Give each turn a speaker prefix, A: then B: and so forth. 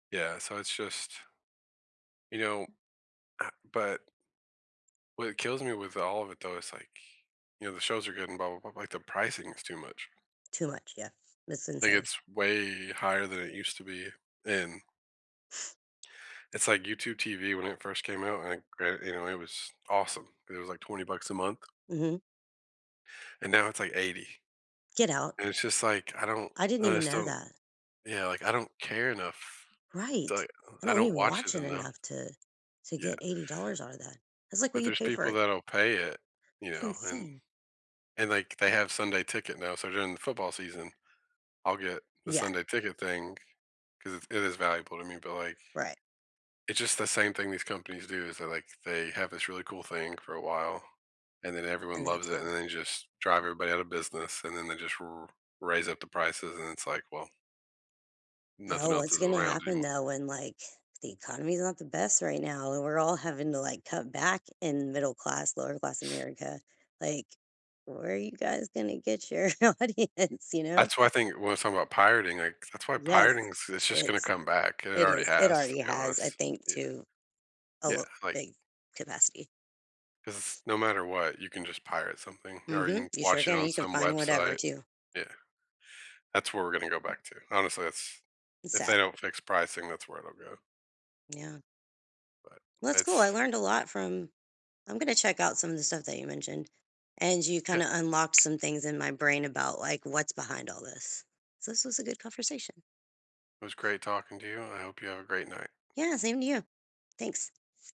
A: Yeah, so it's just You know Ah, but What kills me with all of it, though, is like, you know, the shows are good and blah blah blah, but the pricing is too much.
B: Too much, yeah, that's
A: Like
B: insane.
A: it’s way higher than it used to be, and it's like YouTube TV when it first came out, and, like, great you know, it was awesome. It was, like, 20 bucks a month
B: Mhm.
A: and now it's, like, 80,
B: Get out.
A: and it's just like, I don't
B: I didn't
A: I
B: even
A: just
B: know
A: don't
B: that.
A: Yeah, like, I don't care enough, it's
B: Right.
A: like
B: I
A: I
B: don't
A: don't
B: even
A: watch
B: watch
A: it
B: it
A: enough.
B: enough to to
A: Yeah.
B: get $80 out of that. That's like what
A: But
B: you
A: there's
B: pay
A: people
B: for
A: that'll pay it, you
B: [unintelligible]
A: know, and
B: insane.
A: and, like, they have Sunday ticket now, so during the football season, I'll get the
B: Yeah.
A: Sunday ticket thing, 'cause it's it is valuable to me, but, like,
B: Right.
A: it's just the same thing these companies do, so, like, they have this really cool thing for a while, and then everyone
B: And then it's
A: loves it, and
B: gone.
A: then they just drive everybody out of business, and then they just r raise up the prices, and it's like, well nothing
B: Bro,
A: else
B: what's
A: is
B: gonna
A: around
B: happen
A: anymore.
B: though when, like The economy's not the best right now and we're all having to, like, cut back in middle-class, lower-class America, like, "Where are you guys gonna get your audience," you know?
A: That's what I think when I'm talking about pirating, like That's why
B: Yes.
A: pirating is it's just gonna
B: It's
A: come back and it
B: It
A: already
B: is, it
A: has to
B: already
A: be
B: has, I
A: honest,
B: think,
A: yeah.
B: to a
A: Yeah,
B: litt
A: like
B: big capacity.
A: 'cause, no matter what, you can just pirate something, or you
B: Mhm,
A: can
B: you sure
A: watch it
B: can,
A: on
B: you can
A: some
B: find whatever
A: website.
B: too.
A: Yeah. That's where we're gonna go back to, honestly, that's
B: It's
A: If
B: sad.
A: they don't fix pricing, that's where it'll go.
B: Yeah.
A: But,
B: That's cool, I
A: it's
B: learned a lot from I'm gonna check out some of the stuff that you mentioned, and you
A: Yeah.
B: kinda unlocked some things in my brain about, like, what's behind all this. So this was a good conversation.
A: It was great talking to you, and I hope you have a great night.
B: Yeah, same to you. Thanks.